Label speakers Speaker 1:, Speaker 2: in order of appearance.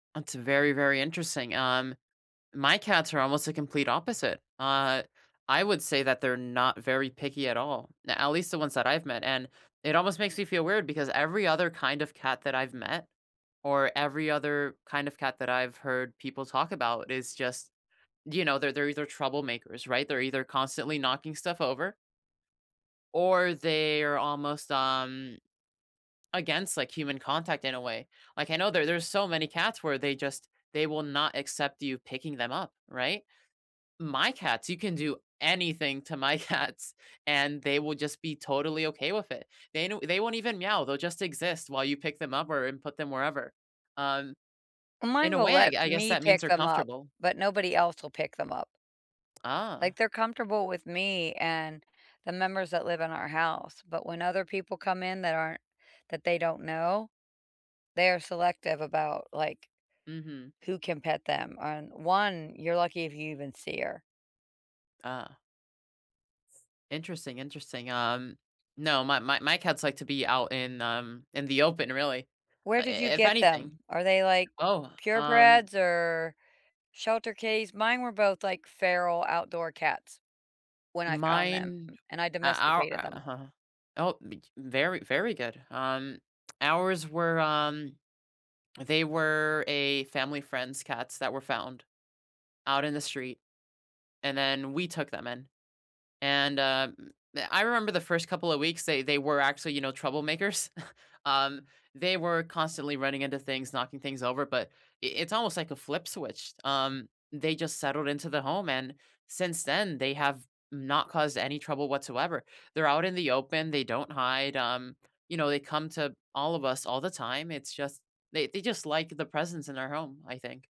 Speaker 1: That's very, very interesting, um, my cats are almost the complete opposite, uh, I would say that they're not very picky at all, n at least the ones that I've met, and it almost makes me feel weird because every other kind of cat that I've met, or every other kind of cat that I've heard people talk about is just, you know, they're they're either troublemakers, right? They're either constantly knocking stuff over or they are almost, um against, like, human contact in a way, like, I know there there's so many cats where they just they will not accept you picking them up, right? My cats, you can do anything to my cats and they will just be totally okay with it, they know they won't even meow, they'll just exist while you pick them up or and put them wherever, um,
Speaker 2: Mine
Speaker 1: in a
Speaker 2: will
Speaker 1: way, I
Speaker 2: let
Speaker 1: g I guess
Speaker 2: me
Speaker 1: that means
Speaker 2: pick
Speaker 1: they're
Speaker 2: them up,
Speaker 1: comfortable.
Speaker 2: but nobody else will pick them up.
Speaker 1: Ah.
Speaker 2: Like, they're comfortable with me and the members that live in our house, but when other people come in that aren't that they don't know, they are selective about, like,
Speaker 1: Mhm.
Speaker 2: who can pet them, and 1 you're lucky if you even see her.
Speaker 1: Ah. Interesting, interesting, um, no, my my my cats like to be out in, um, in the open, really,
Speaker 2: Where
Speaker 1: I
Speaker 2: did you
Speaker 1: if
Speaker 2: get them?
Speaker 1: anything.
Speaker 2: Are they, like,
Speaker 1: Oh, um
Speaker 2: purebreds or shelter case? Mine were both, like, feral, outdoor cats when I found them
Speaker 1: Mine
Speaker 2: and I
Speaker 1: uh, our
Speaker 2: domesticated them.
Speaker 1: uh-huh oh, b j very, very good, um, ours were, um they were a family friend's cats that were found out in the street, and then we took them in, and, uh, m I remember the first couple of weeks, they they were actually, you know, troublemakers, um, they were constantly running into things, knocking things over, but I it's almost, like, a flip switched, um, they just settled into the home, and since then they have not caused any trouble whatsoever, they're out in the open, they don't hide, um, you know, they come to all of us, all the time, it's just, they they just like the presence in our home, I think.